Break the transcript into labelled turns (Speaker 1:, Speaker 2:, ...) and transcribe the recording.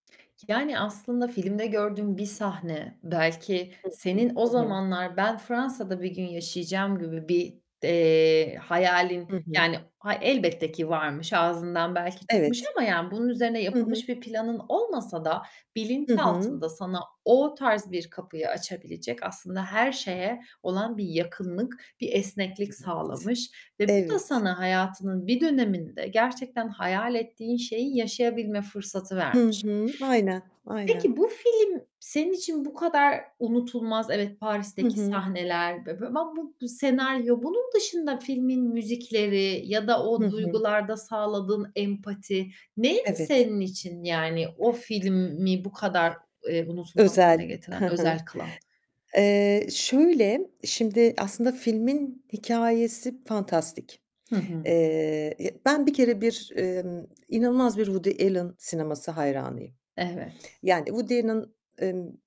Speaker 1: Yani, aslında filmde gördüğün bir sahne belki
Speaker 2: Hı hı,
Speaker 1: senin o
Speaker 2: hı hı.
Speaker 1: zamanlar ben Fransa'da bir gün yaşayacağım gibi bir, eee, hayalin
Speaker 2: Hı hı.
Speaker 1: yani hay elbette ki varmış, ağzından belki çıkmış
Speaker 2: Evet.
Speaker 1: ama yani bunun üzerine
Speaker 2: Hı hı.
Speaker 1: yapılmış bir planın olmasa da
Speaker 2: Hı hı.
Speaker 1: bilinçaltında sana o tarz bir kapıyı açabilecek, aslında her şeye olan bir yakınlık, bir esneklik
Speaker 2: Evet,
Speaker 1: sağlamış ve bu da
Speaker 2: evet.
Speaker 1: sana, hayatının bir döneminde gerçekten hayal ettiğin şeyi yaşayabilme fırsatı
Speaker 2: Hı
Speaker 1: vermiş.
Speaker 2: hı. Aynen. Aynen.
Speaker 1: Peki bu film, senin için bu kadar unutulmaz, evet,
Speaker 2: Hı
Speaker 1: Paris'teki
Speaker 2: hı.
Speaker 1: sahneler ve [unintelligible] bu senaryo, bunun dışında filmin müzikleri ya da
Speaker 2: Hı
Speaker 1: o
Speaker 2: hı.
Speaker 1: duygularda sağladığın empati neydi
Speaker 2: Evet.
Speaker 1: senin için? Yani o filmi bu kadar, eee, unutulmaz hâle
Speaker 2: Özel,
Speaker 1: getiren
Speaker 2: he he.
Speaker 1: özel kılan?
Speaker 2: Eee, şöyle, şimdi aslında filmin hikâyesi fantastik.
Speaker 1: Hı hı.
Speaker 2: Eee, ben bir kere bir, emm, inanılmaz bir Woody Allen sineması hayranıyım
Speaker 1: Evet.
Speaker 2: yani Woody Allen, emm